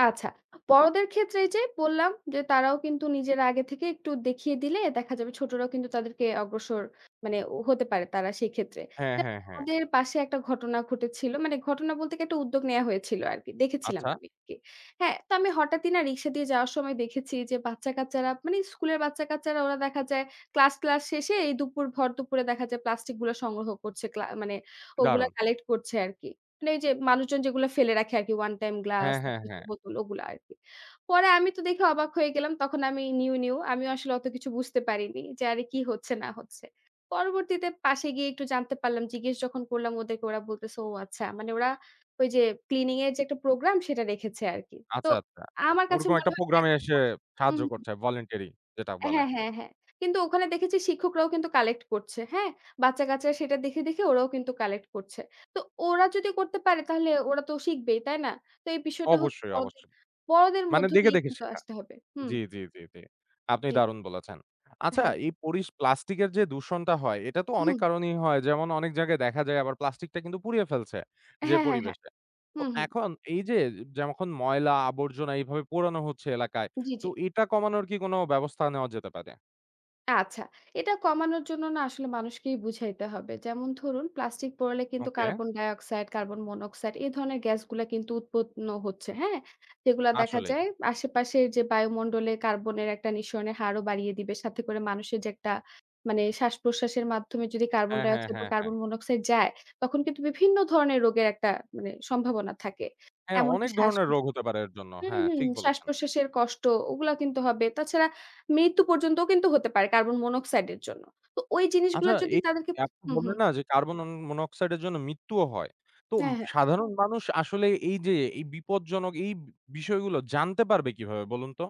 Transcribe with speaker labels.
Speaker 1: আচ্ছা। বড়দের ক্ষেত্রে এই যে, বললাম যে, তারাও কিন্তু নিজেরা আগে থেকে একটু দেখিয়ে দিলে দেখা যাবে ছোটরাও কিন্তু তাদেরকে অগ্রসর, মানে হতে পারে তারা সেক্ষেত্রে।
Speaker 2: হ্যাঁ,
Speaker 1: [unintelligible]
Speaker 2: হ্যাঁ, হ্যাঁ।
Speaker 1: আমাদের পাশে একটা ঘটনা ঘটেছিল। মানে ঘটনা বলতে কি? একটা উদ্যোগ নেয়া হয়েছিল আরকি। দেখেছিলাম
Speaker 2: আচ্ছা।
Speaker 1: আমি আরকি। হ্যাঁ? তো আমি হঠাৎই না? রিক্সা দিয়ে যাওয়ার সময় দেখেছি যে, বাচ্চাকাচ্চারা, মানে স্কুলের বাচ্চাকাচ্চারা ওরা দেখা যায় ক্লাস-টলাস শেষে, এই দুপুর, ভর দুপুরে দেখা যায় প্লাস্টিক গুল সংগ্রহ করছে, ক্লা মানে ওগুলো
Speaker 2: দারুণ!
Speaker 1: কালেক্ট করছে আরকি। মানে এই যে, মানুষজন যেগুলা ফেলে রাখে আরকি। ওয়ান টাইম গ্লাস,
Speaker 2: হ্যাঁ, হ্যাঁ,
Speaker 1: প্লাস্টিকের
Speaker 2: হ্যাঁ।
Speaker 1: বোতল ওগুলা আরকি। পরে আমি তো দেখে অবাক হয়ে গেলাম। তখন আমি নিউ, নিউ। আমিও আসলে অত কিছু বুঝতে পারিনি যে, "আরে কি হচ্ছে না হচ্ছে?" পরবর্তীতে পাশে গিয়ে একটু জানতে পারলাম। জিজ্ঞেস যখন করলাম ওদেরকে, ওরা বলতেছে "ও আচ্ছা।" মানে ওরা ওই যে, ক্লিনিং এর যে, একটা প্রোগ্রাম, সেটা রেখেছে আরকি। তো
Speaker 2: আচ্ছা, আচ্ছা।
Speaker 1: আমার কাছে
Speaker 2: ওরকম একটা
Speaker 1: মনে হয়
Speaker 2: প্রোগ্রামে এসে
Speaker 1: [unintelligible] হু,
Speaker 2: সাহায্য
Speaker 1: হুম।
Speaker 2: করছে, ভলেন্টিয়ারি যেটা বলে।
Speaker 1: হ্যাঁ, হ্যাঁ, হ্যাঁ। কিন্তু ওখানে দেখেছি শিক্ষকরাও কিন্তু কালেক্ট করছে। হ্যাঁ? বাচ্চা-কাচ্চা সেটা দেখে, দেখে ওরাও কিন্তু কালেক্ট করছে। তো ওরা যদি করতে পারে, তাহলে ওরা তো শিখবেই। তাই না? তো এই বিষয়টা হচ্ছে
Speaker 2: অবশ্যই,
Speaker 1: বড়দে
Speaker 2: অবশ্যই।
Speaker 1: বড়দের
Speaker 2: মানে
Speaker 1: মধ্য
Speaker 2: দেখে,
Speaker 1: দিয়ে
Speaker 2: দেখে
Speaker 1: কিন্তু
Speaker 2: শেখা।
Speaker 1: আসতে হবে হুম।
Speaker 2: জি, জি, জি, জি। আপনি
Speaker 1: জি।
Speaker 2: দারুণ বলেছেন। আচ্ছা,
Speaker 1: হ্যাঁ।
Speaker 2: এই পরিস প্লাস্টিক এর যে, দূষণটা হয়, এটা তো অনেক
Speaker 1: হুম।
Speaker 2: কারণেই হয়। যেমন, অনেক জায়গায় দেখা যায় আবার প্লাস্টিক টা কিন্তু পুড়িয়ে ফেলছে যে,
Speaker 1: হ্যাঁ, হ্যাঁ, হ্যাঁ।
Speaker 2: পরিবেশে।
Speaker 1: হু,
Speaker 2: তো,
Speaker 1: হুম।
Speaker 2: এখন এই যে, যখন ময়লা-আবর্জনা এইভাবে পোড়ানো হচ্ছে এলাকায়,
Speaker 1: জি,
Speaker 2: তো
Speaker 1: জি।
Speaker 2: এটা কমানোর কি কোনো ব্যবস্থা নেওয়া যেতে পারে?
Speaker 1: আচ্ছা, এটা কমানোর জন্য না? আসলে মানুষকেই বুঝাইতে হবে। যেমন ধরুন, প্লাস্টিক পোড়ালে কিন্তু
Speaker 2: okay.
Speaker 1: Carbon dioxide, carbon monoxide, এ ধরনের গ্যাসগুলা কিন্তু উৎপন্ন হচ্ছে। হ্যাঁ? যেগুলা দেখা
Speaker 2: আসলেই।
Speaker 1: যায় আশেপাশের যে, বায়ুমন্ডলে কার্বনের একটা নিঃসরণের হারও বাড়িয়ে দিবে। সাথে করে মানুষের যে, একটা মানে শ্বাসপ্রশ্বাসের মাধ্যমে যদি কার্বন
Speaker 2: হ্যাঁ, হ্যাঁ,
Speaker 1: ডাইঅক্সাইড বা
Speaker 2: হ্যাঁ, হ্যাঁ।
Speaker 1: কার্বন মনোক্সাইড যায়, তখন কিন্তু বিভিন্ন ধরনের রোগের একটা মানে সম্ভাবনা থাকে।
Speaker 2: হ্যাঁ,
Speaker 1: এমনকি
Speaker 2: অনেক ধরনের
Speaker 1: শ্বাস-প্রস
Speaker 2: রোগ হতে পারে এর জন্য।
Speaker 1: হুম,
Speaker 2: হ্যাঁ,
Speaker 1: হুম।
Speaker 2: ঠিক বলেছেন।
Speaker 1: শ্বাসপ্রশ্বাসের কষ্ট ওগুলা কিন্তু হবে। তাছাড়া মৃত্যু পর্যন্তও কিন্তু হতে পারে, কার্বন মনোক্সাইড এর জন্য। তো ওই
Speaker 2: আচ্ছা,
Speaker 1: জিনিসগুলা যদি
Speaker 2: এই
Speaker 1: তাদেরকে
Speaker 2: আপনি
Speaker 1: হু,
Speaker 2: বললেন
Speaker 1: হুম।
Speaker 2: না? যে, কার্বন অন মনোক্সাইড এর জন্য মৃত্যুও হয়। তো
Speaker 1: হ্যাঁ, হ্যাঁ।
Speaker 2: সাধারণ মানুষ আসলে এই যে, এই বিপদজনক এই বি বিষয়গুলো জানতে পারবে কিভাবে বলুন তো?